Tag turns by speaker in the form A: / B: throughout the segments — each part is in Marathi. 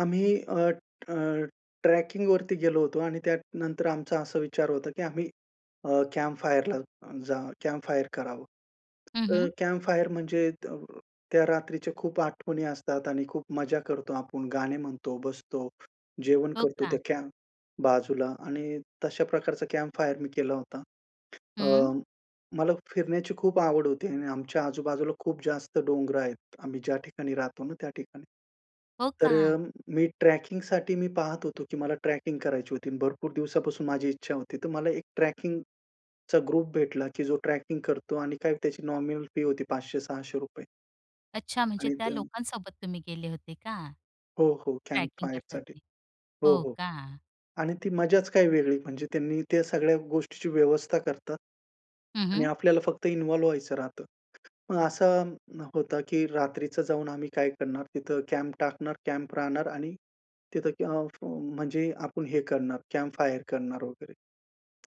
A: आम्ही अ, अ, ट्रॅकिंगवरती गेलो होतो आणि त्यानंतर आमचा असा विचार होता की आम्ही अ, कॅम्प फायरला जा कॅम्प फायर करावं.
B: हं,
A: तर
B: हं.
A: कॅम्प फायर म्हणजे त त्या रात्रीच्या खूप आठवणी असतात आणि खूप मजा करतो आपण, गाणे म्हणतो, बसतो, जेवण
B: हो
A: करतो
B: का?
A: त्या कॅम्प बाजूला आणि तशा प्रकारचा कॅम्प फायर मी केला होता. अ,
B: हं.
A: मला फिरण्याची खूप आवड होती आणि आमच्या आजू-बाजूला खूप जास्त डोंगरं आहेत. आम्ही ज्या ठिकाणी राहतो ना, त्या ठिकाणी.
B: हो
A: तर
B: का?
A: अ, मी ट्रॅकिंगसाठी मी पाहत होतो की मला ट्रॅकिंग करायची होती. भरपूर दिवसापासून माझी इच्छा होती. तर मला एक ट्रॅकिंगचा ग्रुप भेटला, की जो ट्रॅकिंग करतो आणि काय त्याची नॉमिनल फी होती 500-600
B: अच्छा. म्हणजे
A: आणि
B: त्या
A: ते
B: लोकांसोबत तुम्ही गेले होते का?
A: हो, हो. कॅम्प
B: ट्रॅकिंग करतात
A: फायरसाठी.
B: ते.
A: हो,
B: हो
A: हो.
B: का?
A: आणि ती मजाच काही वेगळी म्हणजे त्यांनी त्या सगळ्या गोष्टीची व्यवस्था करतात.
B: हं,
A: आणि
B: हं.
A: आपल्याला फक्त इन्व्हॉल्व व्हायचं राहतं. मग असं, होतं की रात्रीचं जाऊन आम्ही काय करणार, तिथं कॅम्प टाकणार, कॅम्प राहणार आणि तिथं आउट म्हणजे आपण हे करणार कॅम्प फायर करणार वगैरे.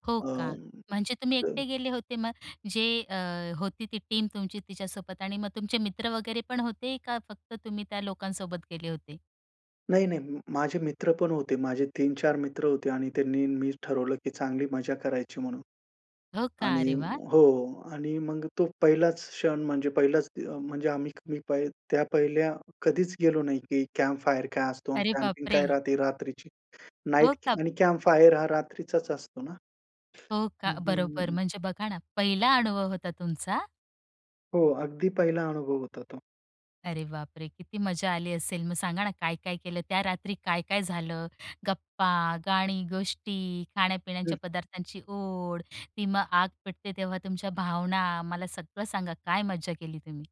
B: हो का?
A: अं,
B: म्हणजे तुम्ही
A: तर
B: एकटे गेले होते मग अ, जे अ, होती ती टीम तुमची तिच्यासोबत आणि मग तुमचे मित्र वगैरे पण होते का, फक्त तुम्ही त्या लोकांसोबत गेले होते?
A: नाही-नाही. माझे मित्रपण होते. माझे 3-4 मित्र होते आणि त्यांनी, मी ठरवलं की चांगली मजा करायची म्हणून.
B: हो का?
A: आणि
B: अरे वाह!
A: हो. आणि मग तो पहिलाच क्षण म्हणजे पहिलाच अ, म्हणजे आम्ही मी त्या पहिल्या कधीच गेलो नाही की कॅम्प फायर काय असतो आणि
B: अरे
A: कॅम्पिंग काय
B: बापरे!
A: राहते रात्रीची,
B: हो
A: नाईट
B: का?
A: आणि कॅम्प फायर हा रात्रीचाच असतो ना?
B: हो का?
A: हं, हं, हं,
B: बरोबर.
A: हं.
B: म्हणजे बघा ना पहिला अनुभव होता तुमचा?
A: हो. अगदी पहिला अनुभव होता तो.
B: अरे बापरे! किती मजा आली असेल मग सांगा ना, काय-काय केलं? त्या रात्री काय-काय झालं? गप्पा, गाणी, गोष्टी, खाण्या-पिण्याच्या
A: हं.
B: पदार्थांची ओढ, ती मग आग पेटते तेव्हा तुमच्या भावना, मला सगळं सांगा काय मज्जा केली तुम्ही?